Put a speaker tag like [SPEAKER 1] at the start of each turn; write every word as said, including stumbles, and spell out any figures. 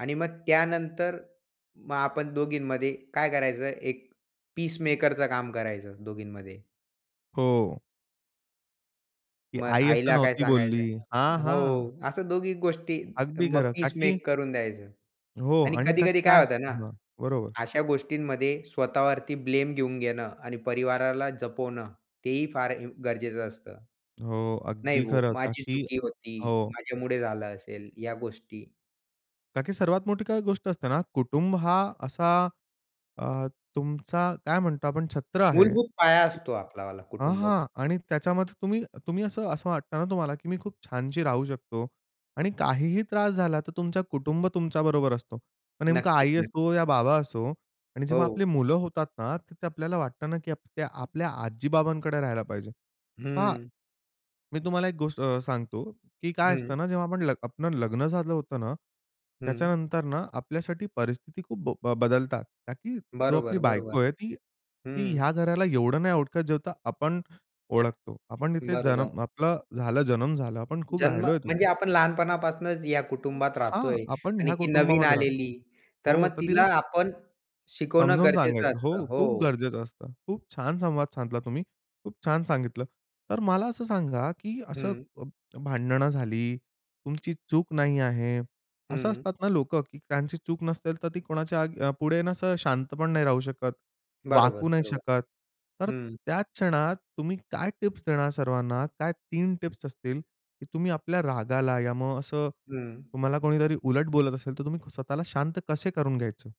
[SPEAKER 1] आणि मग त्यानंतर मग आपण दोघींमध्ये काय करायचं, एक पीसमेकरचं काम करायचं दोघींमध्ये.
[SPEAKER 2] हो. की
[SPEAKER 1] मग
[SPEAKER 2] आई असं
[SPEAKER 1] आईला काय
[SPEAKER 2] नव्हती बोलली. हां,
[SPEAKER 1] सांगायचं
[SPEAKER 2] हां.
[SPEAKER 1] हो, असं दोघी गोष्टी
[SPEAKER 2] अगदी
[SPEAKER 1] मग
[SPEAKER 2] खरं का
[SPEAKER 1] पीस
[SPEAKER 2] की
[SPEAKER 1] मेक करून द्यायचं
[SPEAKER 2] हो
[SPEAKER 1] आणि
[SPEAKER 2] आणि का
[SPEAKER 1] कधी-कधी
[SPEAKER 2] की काय
[SPEAKER 1] काय होतं ना,
[SPEAKER 2] असतं हां, बरोबर.
[SPEAKER 1] अशा गोष्टींमध्ये स्वतःवरती ब्लेम घेऊन घेणं आणि परिवाराला जपवणं तेही फार इम गरजेचं असतं.
[SPEAKER 2] हो,
[SPEAKER 1] "नाही
[SPEAKER 2] अगदी
[SPEAKER 1] हो
[SPEAKER 2] खरं का
[SPEAKER 1] माझी
[SPEAKER 2] की
[SPEAKER 1] चुकी होती,"
[SPEAKER 2] हो.
[SPEAKER 1] माझ्यामुळे झालं असेल ह्या गोष्टी.
[SPEAKER 2] का की सर्वात मोठी काय गोष्ट असते ना, कुटुंब हा असा अ, तुमचा काय म्हणतो आपण छत्र आहे.
[SPEAKER 1] मूलभूत पाया असतो आपलावाला
[SPEAKER 2] हां,
[SPEAKER 1] कुटुंब.
[SPEAKER 2] हां आणि त्याच्यामध्ये तुम्ही तुम्ही असं असं वाटतं ना तुम्हाला की मी खूप छानशी राहू शकतो आणि काहीही त्रास झाला तर तुमचा कुटुंब तुमच्याबरोबर असतो. मग नेमकं
[SPEAKER 1] नक्कीच,
[SPEAKER 2] आई असो या
[SPEAKER 1] नक्कीच.
[SPEAKER 2] बाबा असो आणि जेव्हा आपली
[SPEAKER 1] हो.
[SPEAKER 2] मुलं होतात ना, तर ते आपल्याला वाटतं ना की आपक्या ते आपल्या आजी-बाबांकडे राहायला पाहिजे. पहा
[SPEAKER 1] हं.
[SPEAKER 2] मी तुम्हाला एक गोष्ट अ, सांगतो, की काय
[SPEAKER 1] हं.
[SPEAKER 2] असतं ना, जेव्हा आपण ल आपलं लग्न झालं होतं ना,
[SPEAKER 1] हं.
[SPEAKER 2] त्याच्यानंतर ना आपल्यासाठी परिस्थिती खूप ब बदलतात का की जो आपली
[SPEAKER 1] बरोबर, बरोबर.
[SPEAKER 2] बायको आहे ती ती
[SPEAKER 1] हं.
[SPEAKER 2] ह्या घराला एवढं नाही ओळखत जेव्हढं आपण ओळखतो. आपण इथे
[SPEAKER 1] बरोबर.
[SPEAKER 2] जनम आपला झाला, जनम झाला. आपण खूप
[SPEAKER 1] जन्म,
[SPEAKER 2] राहिलोय
[SPEAKER 1] म्हणजे
[SPEAKER 2] तिथे.
[SPEAKER 1] आपण लहानपणापासूनच या कुटुंबात
[SPEAKER 2] हां,
[SPEAKER 1] राहतोय
[SPEAKER 2] आपण
[SPEAKER 1] आणि
[SPEAKER 2] ह्या
[SPEAKER 1] ती नवीन
[SPEAKER 2] कुटुंबामध्ये राहतोय
[SPEAKER 1] आलेली. तर
[SPEAKER 2] हो,
[SPEAKER 1] मग
[SPEAKER 2] तर
[SPEAKER 1] तिला
[SPEAKER 2] तिला सांग
[SPEAKER 1] आपण शिकवणं
[SPEAKER 2] समजावून
[SPEAKER 1] गरजेचं
[SPEAKER 2] सांगायचं
[SPEAKER 1] असतं.
[SPEAKER 2] हो, खूप
[SPEAKER 1] हो.
[SPEAKER 2] गरजेचं असतं. खूप छान संवाद साधला तुम्ही. खूप छान सांगितलं. तर मला असं सांगा की असं
[SPEAKER 1] हं.
[SPEAKER 2] अ, भांडणं झाली. तुमची चूक नाही आहे. असं
[SPEAKER 1] हं.
[SPEAKER 2] असतात ना लोकं की त्यांची चूक नसेल, तर ती कोणाच्या आग पुढे ना असं शांत पण नाही राहू शकत,
[SPEAKER 1] बरोबर,
[SPEAKER 2] वाकू नाही
[SPEAKER 1] बरोबर.
[SPEAKER 2] शकत. तर
[SPEAKER 1] हं.
[SPEAKER 2] त्याच क्षणात तुम्ही काय टिप्स देणार सर्वांना, काय तीन टिप्स असतील, की तुम्ही आपल्या रागाला या मग असं,
[SPEAKER 1] हं.
[SPEAKER 2] तुम्हाला कोणीतरी उलट बोलत असेल, तर तुम्ही स्वतःला शांत कसे करून घ्यायचे?